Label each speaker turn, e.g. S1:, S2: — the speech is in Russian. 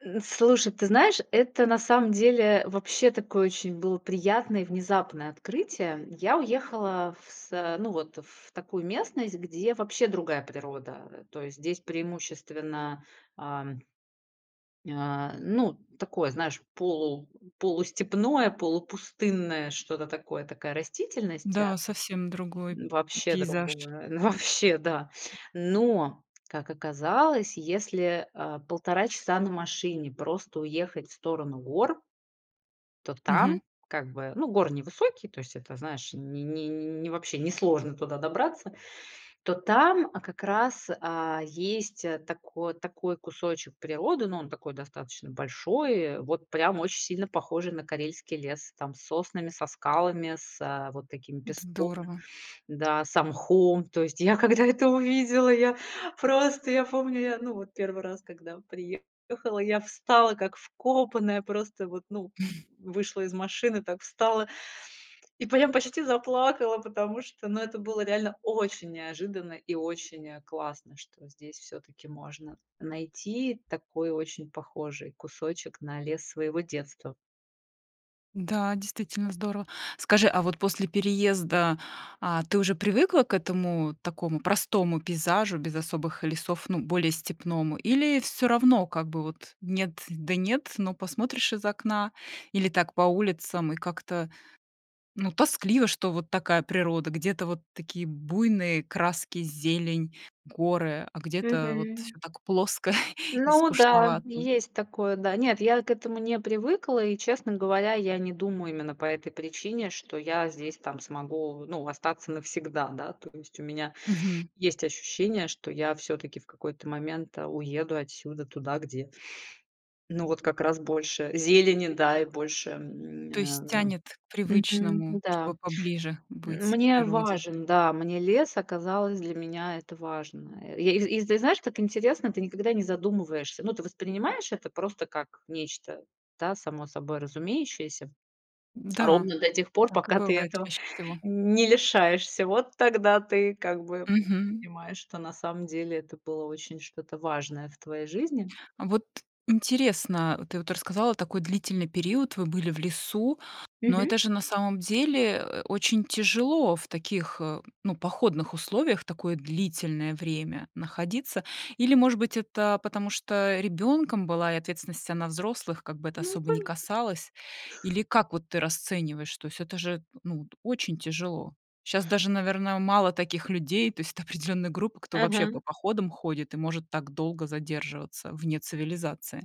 S1: Н слушай, ты знаешь, это на самом деле вообще такое очень было приятное и внезапное открытие, м. Я уехала в са ну вот, э, в такую местность, где вообще другая природа, э, то есть здесь преимущественно, ам а, ну, такое, знаешь, полу полустепное, полупустынное, что-то такое, такая растительност да
S2: Да, совсем другой м
S1: вообще другая,
S2: пейзаж.
S1: ну, вообще да. Но, как оказалось, если, а, 1,5 часа на машине просто уехать в сторону гор то
S2: Мгм.
S1: там как бы, ну, горы невысокие, то есть это, знаешь, ни ни ни ни вообще, несложно туда добраться. То там, а, как раз, а, есть, а, тако такой кусочек природы, ну, он такой достаточно большой, и вот прям очень сильно похожий на карельский лес, там, с соснами, со скалами, с а, вот таким
S2: Н-да,
S1: песком,
S2: здорово.
S1: да, со мхом. То есть я, когда это увидела, я просто я помню, я, ну, вот 1 раз, когда приехала, я встала как вкопанная, просто вот, ну, м вышла из машины, так встала и прям почти заплакала, потому что, ну, это было реально очень неожиданно и очень, э, классно, что здесь всё-таки можно найти и такой очень похожий кусочек на лес своего детства.
S2: Н-да, действительно здорово. Скажи, а вот после переезда, а ты уже привыкла к этому, такому простому пейзажу без особых лесов, ну, более степному? Или всё равно как бы вот нет да нет, но посмотришь из окна или так по улицам, и как-то, ну, тоскливо, что вот такая природа: где-то вот такие буйные краски, зелень, горы, а где-то вот
S1: Мгм.
S2: всё так плоско и
S1: Ну да,
S2: скучновато.
S1: есть такое. Да. Нет, я к этому не привыкла, и, честно говоря, я не думаю именно по этой причине, что я здесь там смогу, ну, остаться навсегда, да, то есть у меня
S2: Мгм.
S1: есть ощущение, что я всё-таки в какой-то момент, э, уеду отсюда туда, где ну, вот как раз больше зелени, да, и больше
S2: То
S1: мня,
S2: есть
S1: эм
S2: тянет к
S1: мгм,
S2: привычному,
S1: м-да.
S2: чтобы поближе быть к
S1: Мне
S2: природе.
S1: важен, да, мне лес оказалось, для меня это важно. Э, я из из, ты знаешь, так интересно, ты никогда не задумываешься. Ну, ты воспринимаешь это просто как нечто, да, само собой разумеющееся
S2: М-да,
S1: ровно до тех пор,
S2: так и
S1: пока ты
S2: бывает
S1: этого
S2: чаще всего.
S1: н не лишаешься. Вот тогда ты как бы
S2: Мгм.
S1: понимаешь, что на самом деле это было очень что-то важное в твоей жизни.
S2: А вот интересно, ты вот рассказала такой длительный период, вы были в лесу, но
S1: Мгм.
S2: это же на самом деле, э, э, очень тяжело в таких, э, ну, походных условиях такое длительное время находиться. Или, может быть, это потому, что ребёнком была и ответственность вся на взрослых, как бы, это
S1: Ну,
S2: особо не
S1: коне
S2: касалось? Или как вот ты расцениваешь? То есть это же, ну, т очень тяжело. Щас даже, наверно, мало таких людей. То есть это определённая группа, кто вообще по
S1: Ага.
S2: походам ходит и может так долго задерживаться вне цивилизации.